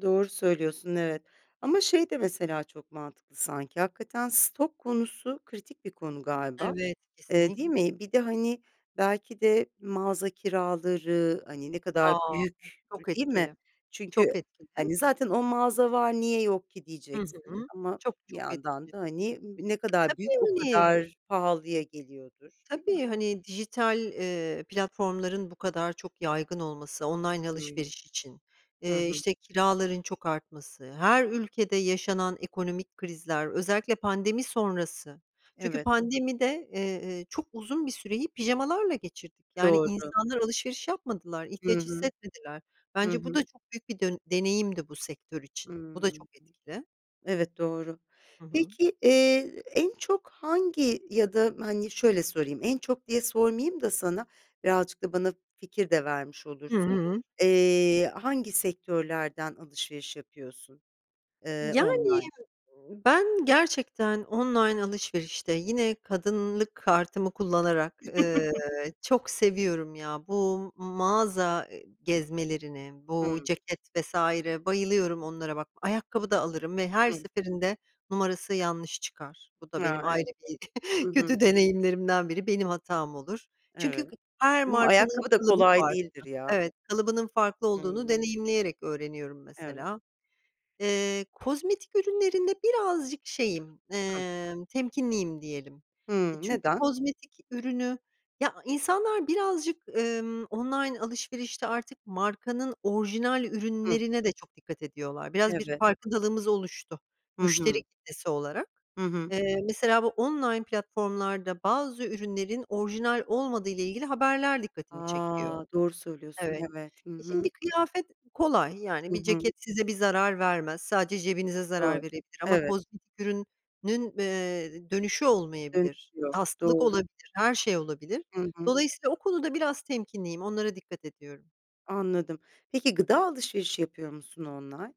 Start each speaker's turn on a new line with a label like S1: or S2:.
S1: Doğru söylüyorsun, evet. Ama şey de mesela çok mantıklı sanki, hakikaten stok konusu kritik bir konu galiba.
S2: Evet,
S1: Eee,
S2: kesinlik
S1: değil mi? Bir de, hani, belki de mağaza kiraları, hani, ne kadar
S2: A,
S1: büyük,
S2: çok
S1: değil mi?
S2: etkili.
S1: Çünkü,
S2: Çok etkili.
S1: hani, "Zaten o mağaza var, niye yok ki?"
S2: Hı
S1: diyeceksin
S2: hı,
S1: ama
S2: çok,
S1: bir
S2: çok etkili.
S1: yandan
S2: E,
S1: da, hani, ne kadar büyük o
S2: tabii.
S1: kadar pahalıya geliyordur, değil mi?
S2: Tabii, hani, dijital, eee, platformların bu kadar çok yaygın olması, online
S1: Hımm.
S2: alışveriş için,
S1: Hı
S2: eee,
S1: hı.
S2: işte, kiraların çok artması, her ülkede yaşanan ekonomik krizler, özellikle pandemi sonrası. Çünkü
S1: Evet.
S2: pandemide, eee, çok uzun bir süreyi pijamalarla geçirdik. Yani
S1: Doğru.
S2: insanlar alışveriş yapmadılar,
S1: Hı
S2: ihtiyaç
S1: hı.
S2: hissetmediler.
S1: Hı
S2: Bence bu
S1: hı.
S2: da çok büyük bir dön deneyimdi bu sektör için. Bu da
S1: Hımm.
S2: çok etkili.
S1: Evet, doğru.
S2: Hı hı.
S1: Peki, eee, en çok hangi Ya da, hani, şöyle sorayım: En çok diye sormayayım da sana Birazcık da bana fikir de vermiş
S2: Hı
S1: olursun.
S2: hı.
S1: Eee, Hangi sektörlerden alışveriş yapıyorsun, eee,
S2: Yani,
S1: online?
S2: ııı, ben gerçekten online alışverişte yine kadınlık kartımı kullanarak, ııı, çok seviyorum ya. Bu mağaza, eee, gezmelerine, bu
S1: Hımm.
S2: ceket vs. bayılıyorum onlara bak. Ayakkabı da alırım ve her
S1: Hıı.
S2: seferinde numarası yanlış çıkar. Bu da
S1: A,
S2: benim ayrı bir
S1: evet.
S2: kötü deneyimlerimden biri, benim hatam olur. Çünkü
S1: Evet.
S2: g her
S1: [unintelligible]
S2: markanın
S1: Ayakkabı da
S2: kalıbı
S1: kolay
S2: farklı.
S1: değildir ya.
S2: Evet, kalıbının farklı olduğunu
S1: Hımm.
S2: deneyimleyerek öğreniyorum
S1: Evet.
S2: mesela. Eee, kozmetik ürünlerinde birazcık şeyim,
S1: Hıı.
S2: emm, temkinliyim, diyelim. E,
S1: Hımm.
S2: çünkü
S1: Neden?
S2: kozmetik ürünü Ya insanlar birazcık, ımm, online alışverişte artık markanın orijinal
S1: Hıı.
S2: ürünlerine de çok dikkat ediyorlar. Biraz bir
S1: Evet.
S2: farkındalığımız oluştu
S1: Hı
S2: müşteri
S1: hı.
S2: kitlesi olarak.
S1: Hı hı.
S2: Eee, mesela bu online platformlarda bazı ürünlerin orijinal olmadığıyla ilgili haberler dikkatimi çekiyor.
S1: A, doğru söylüyorsun.
S2: Evet.
S1: Evet, hı
S2: E,
S1: hı.
S2: şimdi kıyafet kolay. Yani,
S1: Hı
S2: bir
S1: hı.
S2: ceket size bir zarar vermez. Sadece cebinize zarar
S1: Doğru,
S2: verebilir ama
S1: evet.
S2: kozmetik ürünün, eee, dönüşü
S1: Dönüşü
S2: olmayabilir.
S1: yok,
S2: Hastalık
S1: doğru.
S2: olabilir, her şey olabilir.
S1: Hı hı.
S2: Dolayısıyla o konuda biraz temkinliyim, onlara dikkat ediyorum.
S1: Anladım. Peki gıda alışverişi yapıyor musun online?